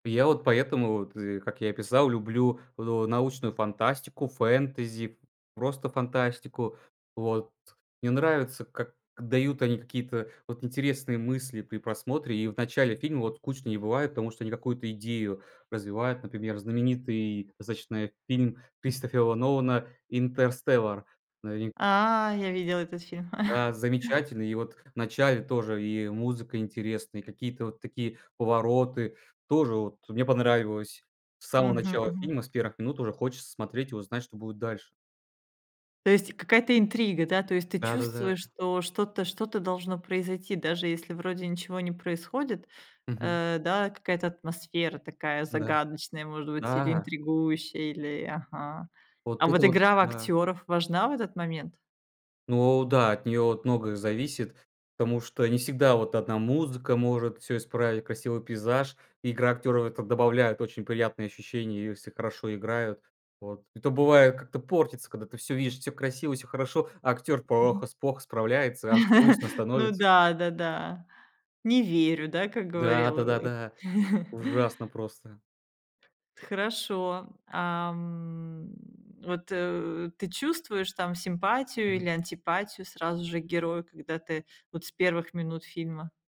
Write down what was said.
Я вот поэтому вот зи как я и писал, люблю, ну научную фантастику, фэнтези, просто фантастику. Вот. Мне нравится, как дают они какие-то вот интересные мысли при просмотре. И в начале фильма вот скучно не бывает, потому что они какую-то идею развивают. Например, знаменитый достаточно фильм Кристофера Нолана "Интерстеллар" новин А, я видела этот фильм. Да, замечательный. И вот в начале тоже и, э, музыка интересная, и какие-то вот такие повороты. Тоже вот мне понравилось. С самого начала Мгм-мгм. фильма, с 1 минут уже хочется смотреть и узнать, что будет дальше. То есть и какая-то интрига, да? То есть ты Да-да-да. чувствуешь, что что-то что-то должно произойти, даже если вроде ничего не происходит, Мгм. э, да? Какая-то атмосфера такая Да. загадочная, может быть. Или Да! интригующая, или ага. А Вот это вот вот, игра в да. актёров важна в этот момент? Ну да, от неё вот многое зависит, потому что не всегда вот одна музыка может всё исправить, красивый пейзаж. Игра актеров в это добавляет очень приятное ощущение, если хорошо играют. Вот. Это бывает, как-то портится, когда ты всё видишь, всё красиво, всё хорошо, а актёр Мгм. плохо плохо справляется, аж грустно Ну становится. да, да-да. Не верю, да? Как Да, говорил, э да-да-да, ужасно просто! Т хорошо. А, м вот, э ты чувствуешь там симпатию или Мгм. антипатию сразу же к герою, когда ты вот с 1 минут фильма?